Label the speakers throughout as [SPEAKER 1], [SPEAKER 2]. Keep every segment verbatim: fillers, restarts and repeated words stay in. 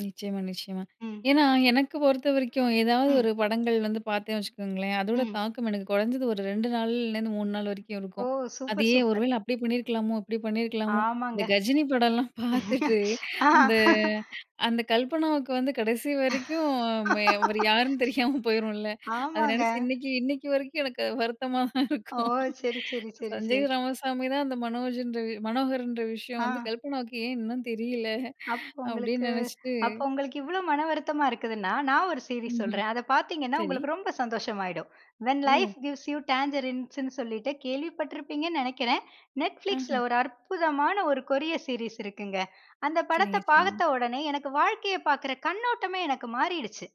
[SPEAKER 1] நிச்சயமா, நிச்சயமா.
[SPEAKER 2] ம்.
[SPEAKER 1] ஏன்னா எனக்கு பொறுத்தவரைக்கும் ஏதாவது
[SPEAKER 2] ம்.
[SPEAKER 1] ஒரு படங்கள் வந்து பார்த்தேன் வச்சுக்கோங்களேன், அதோட
[SPEAKER 2] ம்.
[SPEAKER 1] தாக்கம் எனக்கு குறைஞ்சது ஒரு ரெண்டு நாள்லேருந்து மூணு நாள் வரைக்கும்
[SPEAKER 2] ஓ!
[SPEAKER 1] இருக்கும்.
[SPEAKER 2] சூப்பர்,
[SPEAKER 1] அதையே ஒரு
[SPEAKER 2] சூப்பர்.
[SPEAKER 1] வேள அப்டி பண்ணியிருக்கலாமோ, இப்டி பண்ணியிருக்கலாமோ. இந்த
[SPEAKER 2] ஆமாங்க.
[SPEAKER 1] கஜினி படம்லாம் பார்த்துட்டு அந்த அந்த கல்பனாவுக்கு வந்து கடைசி வரைக்கும், அவரு யாருன்னு தெரியாம போயிரும்ல அத
[SPEAKER 2] ஆமாங்க.
[SPEAKER 1] நினச்சு இன்னைக்கு, இன்னைக்கு வரைக்கும் எனக்கு வருத்தமா தான்
[SPEAKER 2] ஓ!
[SPEAKER 1] இருக்கும்.
[SPEAKER 2] சரி, சரி, சரி,
[SPEAKER 1] சஞ்சய்
[SPEAKER 2] சரி.
[SPEAKER 1] ராமசாமி தான் அந்த மனோஜ்ன்ற மனோகர்ன்ற விஷயம் வந்து
[SPEAKER 2] ஆ.
[SPEAKER 1] கல்பனாவுக்கு ஏன் இன்னும் தெரியல?
[SPEAKER 2] அப்போ உங்களுக்கு
[SPEAKER 1] அப்டின்னு நினைச்சிட்டு.
[SPEAKER 2] அப்ப உங்களுக்கு இவ்வளவு மனம் வருத்தமா இருக்குதுனா, நான் ஒரு சீரிஸ்
[SPEAKER 1] ம்ஹ்ம்.
[SPEAKER 2] சொல்றேன். அத பார்த்தீங்கனா,
[SPEAKER 1] சரி.
[SPEAKER 2] உங்களுக்கு ரொம்ப சந்தோசமாகிடும். வென்
[SPEAKER 1] ஓ!
[SPEAKER 2] லைஃப் கிவ்ஸ் யூ டாங்கரின்ஸ்ன்னு சொல்லிட்டு கேள்விப்பட்டு இருப்பீங்கன்னு நினைக்கிறேன். Netflixல
[SPEAKER 1] ம்ஹ்ம்.
[SPEAKER 2] ஒரு அற்புதமான ஒரு கொரியன் சீரிஸ் இருக்குங்க. அந்த படத்தை
[SPEAKER 1] சரிங்க, சரிங்க.
[SPEAKER 2] பார்த்த உடனே, எனக்கு வாழ்க்கையை பார்க்கிற கண்ணோட்டமே எனக்கு மாறிடுச்சு.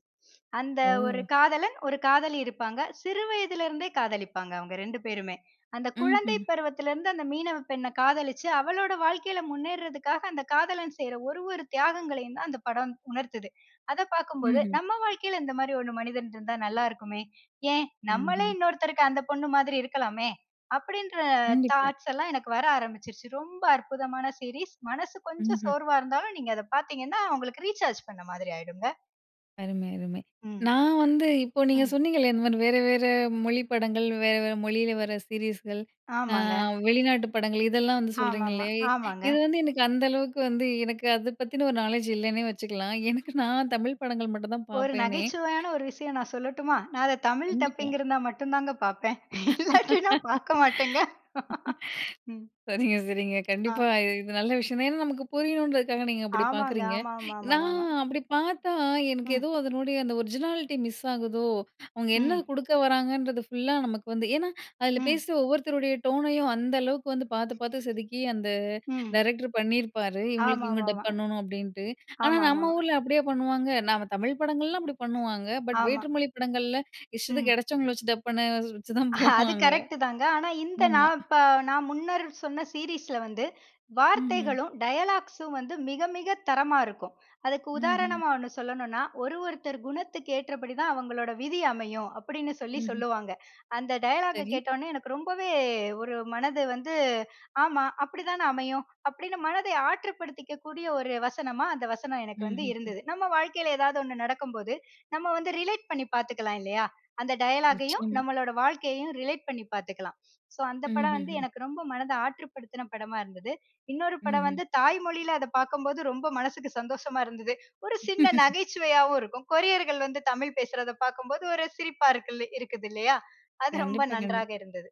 [SPEAKER 2] அந்த ஒரு
[SPEAKER 1] ஓ!
[SPEAKER 2] காதலன், ஒரு காதலி இருப்பாங்க. சிறு வயதில இருந்தே, காதலிப்பாங்க அவங்க ரெண்டு பேருமே. அந்த குழந்தை
[SPEAKER 1] ம்ஹ்ம்.
[SPEAKER 2] பருவத்தில இருந்து, அந்த மீனவப்பெண்ணை காதலிச்சு அவளோட வாழ்க்கையில முன்னேறதுக்காக அந்த காதலன் செய்யுற ஒரு ஒரு தியாகங்களையும் தான் அந்த படம் உணர்த்துது. அத பார்க்கும்போது,
[SPEAKER 1] ம்ஹ்ம்.
[SPEAKER 2] நம்ம வாழ்க்கையில இந்த மாரி ஒண்ணு மனிதன் இருந்தா நல்லா இருக்குமே. ஏன் நம்மளே
[SPEAKER 1] ம்ஹ்ம்.
[SPEAKER 2] இன்னொருத்தருக்கு அந்த பொண்ணு மாதிரி இருக்கலாமே! அப்டின்ற
[SPEAKER 1] கண்டிப்பா.
[SPEAKER 2] தாட்ஸ் எல்லாம் எனக்கு வர ஆரம்பிச்சுருச்சு. ரொம்ப அற்புதமான சீரிஸ், மனசு கொஞ்சம்
[SPEAKER 1] ம்ஹ்ம்.
[SPEAKER 2] சோர்வா இருந்தாலும், நீங்க அத பார்த்தீங்கனா உங்களுக்கு ரீசார்ஜ் பண்ண மாதிரி ஆயுடுங்க.
[SPEAKER 1] அருமை, அருமை.
[SPEAKER 2] ம்.
[SPEAKER 1] நான் வந்து இப்போ நீங்க
[SPEAKER 2] ம்.
[SPEAKER 1] சொன்னீங்க இல்லையா? இந்த மாரி வேற வேற மொழி படங்கள் வேற வேற மொழியில வர சீரிஸ்கள். ஆ
[SPEAKER 2] ஆமாங்க.
[SPEAKER 1] வெளிநாட்டு படங்கள் இதெல்லாம் வந்து
[SPEAKER 2] ஆமாம்மா,
[SPEAKER 1] சொல்றிங்களே! இ
[SPEAKER 2] ஆமாங்க.
[SPEAKER 1] இது வந்து எனக்கு அந்த அளவுக்கு வந்து எனக்கு அத பத்தின ஒரு நாலேட்ஜ் இல்லைன்னே வச்சுக்கலாம். எனக்கு நான் தமிழ் படங்கள் மட்டும் தான்
[SPEAKER 2] ஒரு
[SPEAKER 1] பார்ப்பேனே!
[SPEAKER 2] நகைச்சுவையான ஒரு விஷயம் நான் சொல்லட்டுமா? நான் அத தமிழ்
[SPEAKER 1] கண்டிப்பா.
[SPEAKER 2] டப்பிங் இருந்தா மட்டும் தாங்க பார்ப்பேன். இல்லாட்டினா பார்க்க மாட்டேங்க. ம்.
[SPEAKER 1] சரிங்க, சரிங்க.
[SPEAKER 2] ஆ.
[SPEAKER 1] கண்டிப்பா. இது நல்ல விஷயம் தான். ஏன்னா, நமக்கு புரியணுன்றதுக்காக நீங்க அப்டி
[SPEAKER 2] ஆமாங்க,
[SPEAKER 1] பார்க்குறீங்க. நான்
[SPEAKER 2] ஆமாமாமாமா.
[SPEAKER 1] அப்டி பார்த்தா, எனக்கு
[SPEAKER 2] ம்.
[SPEAKER 1] ஏதோ அதனுடைய அந்த ஒரிஜினாலிட்டி மிஸ் ஆகுதோ, அவங்க என்ன
[SPEAKER 2] ம்.
[SPEAKER 1] குடுக்க வராங்கன்றது ஃபுல்லா நமக்கு வந்து. ஏன்னா, அதில
[SPEAKER 2] ம்.
[SPEAKER 1] பேசுற ஒவ்வொருத்தருடைய டோனையும் அந்த அளவுக்கு வந்து பார்த்து பார்த்து செதுக்கி அந்த
[SPEAKER 2] ம்.
[SPEAKER 1] டைரக்டர் பண்ணியிருப்பாரு. இவங்களுக்கு இவங்க டப்
[SPEAKER 2] ஆமாமாமா.
[SPEAKER 1] பண்ணணும் அப்படின்ட்டு. ஆனா,
[SPEAKER 2] ஆமா, ஆமா.
[SPEAKER 1] நம்ம ஊரில அப்படியே பண்ணுவாங்க நம்ம தமிழ் படங்கள்லாம் அப்டி பண்ணுவாங்க. பட்
[SPEAKER 2] ஆமா.
[SPEAKER 1] வேற்று மொழி படங்களில, இஷ்டத்துக்கு
[SPEAKER 2] ம்.
[SPEAKER 1] கிடைச்சவங்கள வச்சு டப் பண்ண வச்சுதான்
[SPEAKER 2] அது
[SPEAKER 1] போவாங்க
[SPEAKER 2] கரெக்ட்டு தாங்க. ஆனா, இந்த
[SPEAKER 1] ஆமா.
[SPEAKER 2] நான் ப நான் முன்னர் சொன்ன சீரிஸில வந்து,
[SPEAKER 1] ம்ஹ்ம்.
[SPEAKER 2] வார்த்தைகளும் டயலாக்ஸும் வந்து மிக மிகத் தரமா இருக்கும். அதுக்கு
[SPEAKER 1] ம்ஹ்ம்.
[SPEAKER 2] உதாரணமா ஒண்ணு சொல்லணும்னா, ஒரு ஒருத்தர் குணத்துக்கு ஏற்றபடி தான் அவங்களோட விதி அமையும். அப்டின்னு சொல்லி
[SPEAKER 1] ம்ஹ்ம்.
[SPEAKER 2] சொல்லுவாங்க. அந்த டயலாகை
[SPEAKER 1] சரி.
[SPEAKER 2] கேட்டவுடனே, எனக்கு ரொம்பவே ஒரு மனது வந்து ஆமா. அப்படிதானே அமையும் அப்படின்னு மனதை ஆற்றுப்படுத்திக்க கூடிய ஒரு வசனமா, அந்த வசனம் எனக்கு வந்து
[SPEAKER 1] ம்ஹ்ஹும்.
[SPEAKER 2] இருந்தது. நம்ம வாழ்க்கையில ஏதாவது ஒண்ணு நடக்கும்போது நம்ம வந்து ரிலேட் பண்ணி பார்த்துக்கலாம் இல்லையா? அந்த டயலாகையும்,
[SPEAKER 1] நிச்சயமா.
[SPEAKER 2] நம்மளோட வாழ்க்கையையும் ரிலேட் பண்ணி பார்த்துக்கலாம். ஸோ, அந்த படம் வந்து
[SPEAKER 1] ம்ஹ்ஹும்.
[SPEAKER 2] எனக்கு ரொம்ப மனத ஆற்றுப்படுத்தின படமா இருந்தது. இன்னொரு படம்
[SPEAKER 1] ம்ஹ்ம்.
[SPEAKER 2] வந்து தாய்மொழியில அத பார்க்கும்போது, ரொம்ப மனசுக்கு சந்தோஷமா இருந்தது. ஒரு சின்ன நகைச்சுவையாவும் இருக்கும். கொரியர்கள் வந்து தமிழ் பேசுறத பார்க்கும்போது, ஒரு சிரிப்பா இருக்குல இருக்குது இல்லையா? அது ரொம்ப
[SPEAKER 1] கண்டிப்பா,
[SPEAKER 2] நன்றாக
[SPEAKER 1] கண்டிப்பா.
[SPEAKER 2] இருந்தது.